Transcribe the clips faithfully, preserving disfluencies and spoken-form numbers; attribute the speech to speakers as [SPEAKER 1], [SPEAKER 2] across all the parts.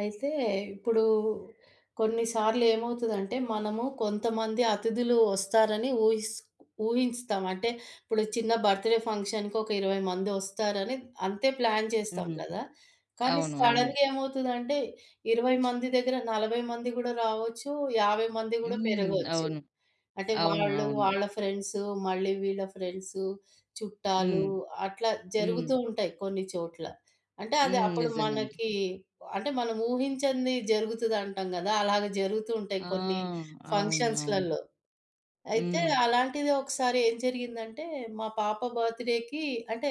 [SPEAKER 1] అయితే ఇప్పుడు కొన్నిసార్లు ఏమవుతదంటే మనము కొంతమంది అతిధులు ఒస్తారని ఊహిస్ ఊహిస్తాం. అంటే ఇప్పుడు చిన్న బర్త్ డే ఫంక్షన్‌కి ఒక ఇరవై మంది ఒస్తారని అంతే ప్లాన్ చేస్తాం
[SPEAKER 2] హ్మ్.
[SPEAKER 1] గదా! కానీ
[SPEAKER 2] అవును. అవును.
[SPEAKER 1] సడన్‌గా ఏమవుతదంటే ఇరవై మంది దగ్గర నలభై మంది గూడా రావచ్చు, యాభై మంది గూడా
[SPEAKER 2] హ్మ్.
[SPEAKER 1] పెరగొచ్చు.
[SPEAKER 2] అవును.
[SPEAKER 1] అంటే
[SPEAKER 2] అవును.
[SPEAKER 1] వాళ్ళు,
[SPEAKER 2] అవును.
[SPEAKER 1] వాళ్ళ ఫ్రెండ్స్, మళ్ళీ వీళ్ళ ఫ్రెండ్స్ చుట్టాలు
[SPEAKER 2] హ్మ్.
[SPEAKER 1] అట్లా
[SPEAKER 2] హ్మ్.
[SPEAKER 1] జరుగుతూ ఉంటాయి కొన్ని చోట్ల. అంటే అది
[SPEAKER 2] హ్మ్.
[SPEAKER 1] అప్పుడు
[SPEAKER 2] నిజంగానే.
[SPEAKER 1] మనకి అంటే మనం ఊహించంది జరుగుతది అంటాం గదా! అలాగ జరుగుతూ ఉంటాయి
[SPEAKER 2] ఆ!
[SPEAKER 1] కొన్ని
[SPEAKER 2] అవును. అవును.
[SPEAKER 1] ఫంక్షన్స్‌లలో. అయితే
[SPEAKER 2] హ్మ్.
[SPEAKER 1] అలాంటిది ఒకసారి ఏం జరిగిందంటే మా పాప బర్త్ డేకి అంటే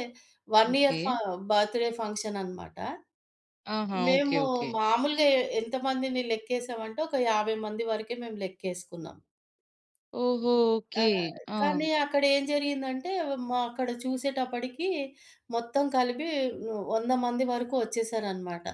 [SPEAKER 1] వన్ ఇయర్
[SPEAKER 2] ఓకే.
[SPEAKER 1] ఫ బర్త్‌ డే ఫంక్షన్ అనమాట,
[SPEAKER 2] ఆహా! ఓకే.
[SPEAKER 1] మేము
[SPEAKER 2] ఓకే.
[SPEAKER 1] మామూలుగా ఎ ఎంతమందిని లెక్కేసామంటే ఒక యాభై మంది వరకే మేం లెక్కేస్కున్నాం.
[SPEAKER 2] ఓహో!
[SPEAKER 1] ఆ!
[SPEAKER 2] ఓకే. ఆ!
[SPEAKER 1] కానీ అక్కడేం జరిగిందంటే మా అక్కడ చూసేటప్పడికి మొత్తం కలిపి హ్మ్, వంద మంది వరకు ఒచ్చేసారన్నమాట.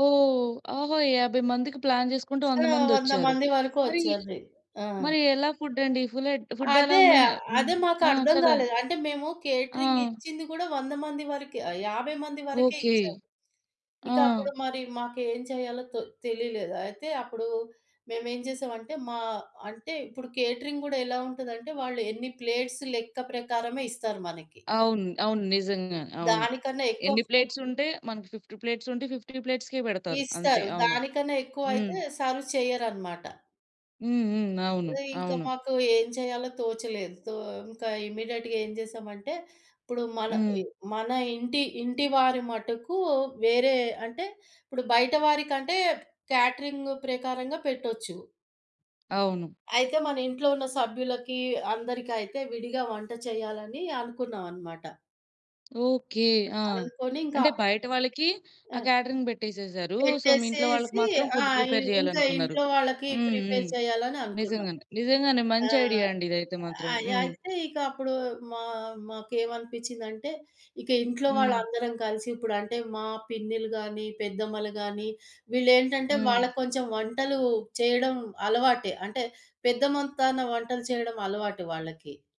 [SPEAKER 2] ఓహ్! ఓహో! యాభై మందికి ప్లాన్ జేసుకుంటే
[SPEAKER 1] సో,
[SPEAKER 2] వంద
[SPEAKER 1] వంద
[SPEAKER 2] మందొచ్చారు.
[SPEAKER 1] మంది వరకు
[SPEAKER 2] మరి
[SPEAKER 1] ఒచ్చరి ఆ!
[SPEAKER 2] మరి ఎలా ఫుడ్ అండి? ఫులెడ్ ఫుడ్ ఎలా
[SPEAKER 1] అదే.
[SPEAKER 2] మేహె
[SPEAKER 1] ఆహ్,
[SPEAKER 2] హ్మ్.
[SPEAKER 1] అదే
[SPEAKER 2] ఆ!
[SPEAKER 1] మాకర్థం
[SPEAKER 2] కదా!
[SPEAKER 1] గాలేదు. అంటే మేము కేటరింగ్
[SPEAKER 2] ఆ!
[SPEAKER 1] ఇచ్చింది గూడా వంద మంది వరకే ఆహ్, యాభై మంది వరకే
[SPEAKER 2] ఓకే.
[SPEAKER 1] ఇచ్చాం.
[SPEAKER 2] ఆ!
[SPEAKER 1] ఇక అప్పుడు మరి మాకేం చేయాలో తో తెలిలేదు. అయితే అప్పుడు మేమేం చేసామంటే మా అంటే ఇప్పుడు కేటరింగ్ గూడా ఎలా ఉంటుందంటే వాళ్ళు ఎన్ని ప్లేట్స్ లెక్క ప్రకారమే ఇస్తారు మనకి.
[SPEAKER 2] అవును. అవును. నిజంగానే. అవును.
[SPEAKER 1] దానికన్నా ఎక్కువ
[SPEAKER 2] ఎన్ని ప్లేట్స్
[SPEAKER 1] ఫూడ్
[SPEAKER 2] ఉంటే మనకు ఫిఫ్టీ ప్లేట్స్ ఉంటే ఫిఫ్టీ ప్లేట్స్‌కే బెడతారు అంతే.
[SPEAKER 1] ఇస్తారు.
[SPEAKER 2] అవును.
[SPEAKER 1] దానికన్నా
[SPEAKER 2] హ్మ్.
[SPEAKER 1] ఎక్కువైతే సర్వ్ చెయ్యరనమాట.
[SPEAKER 2] హ్మ్. హ్మ్. అవును.
[SPEAKER 1] హ్మ్. ఇంకా
[SPEAKER 2] అవును.
[SPEAKER 1] మాకు ఏం చేయాలో తోచలేదు. తో ఇంకా ఇమ్మీడియేట్‌గా ఏం చేశామంటే ఇప్పుడు మల
[SPEAKER 2] హ్మ్.
[SPEAKER 1] ఇ మన ఇంటి ఇంటి వారి మటుకు వేరే అంటే ఇప్పుడు బయట వారికంటే కాటరింగ్ ప్రకారంగా పెట్టొచ్చు.
[SPEAKER 2] అవును.
[SPEAKER 1] అయితే మన ఇంట్లో ఉన్న సభ్యులకి, అందరికైతే విడిగా వంట చేయాలని అనుకున్నాం అన్నమాట.
[SPEAKER 2] ఓకే. ఆ!
[SPEAKER 1] అనుకోని ఇంకా
[SPEAKER 2] అంటే బయట వాళ్ళకి ఆ
[SPEAKER 1] ఆ!
[SPEAKER 2] కేటరింగ్ బెట్టేసేసారు. సో, మీ ఇంట్లో వాళ్ళకి
[SPEAKER 1] పెట్టేసేసి
[SPEAKER 2] మాత్రం
[SPEAKER 1] ఆ!
[SPEAKER 2] ఫుడ్
[SPEAKER 1] ఇ
[SPEAKER 2] ప్రిపేర్
[SPEAKER 1] ఇంకా
[SPEAKER 2] జేయాలనుకున్నారు.
[SPEAKER 1] ఇంట్లో వాళ్ళకి
[SPEAKER 2] హ్మ్.
[SPEAKER 1] ప్రిపేర్
[SPEAKER 2] హ్మ్.
[SPEAKER 1] చెయ్యాలని అనుకున్నాం.
[SPEAKER 2] నిజంగానే. నిజంగానే.
[SPEAKER 1] ఆ!
[SPEAKER 2] మంచి ఐడియా అండి ఇదైతే మాత్రం.
[SPEAKER 1] అయ్
[SPEAKER 2] హ్మ్.
[SPEAKER 1] అయితే ఇక అప్పుడు మా మాకేమనిపించిందంటే ఇక ఇంట్లో
[SPEAKER 2] హ్మ్.
[SPEAKER 1] వాళ్ళందరం కలిసి ఇప్పుడంటే మా పిన్నిలు గాని, పెద్దమ్మలు గాని వీళ్ళేంటంటే
[SPEAKER 2] హ్మ్.
[SPEAKER 1] వాళ్ళకొంచెం వంటలు చేయడం అలవాటే. అంటే పెద్దమొత్తాన వంటలు చేయడం అలవాటు వాళ్ళకి.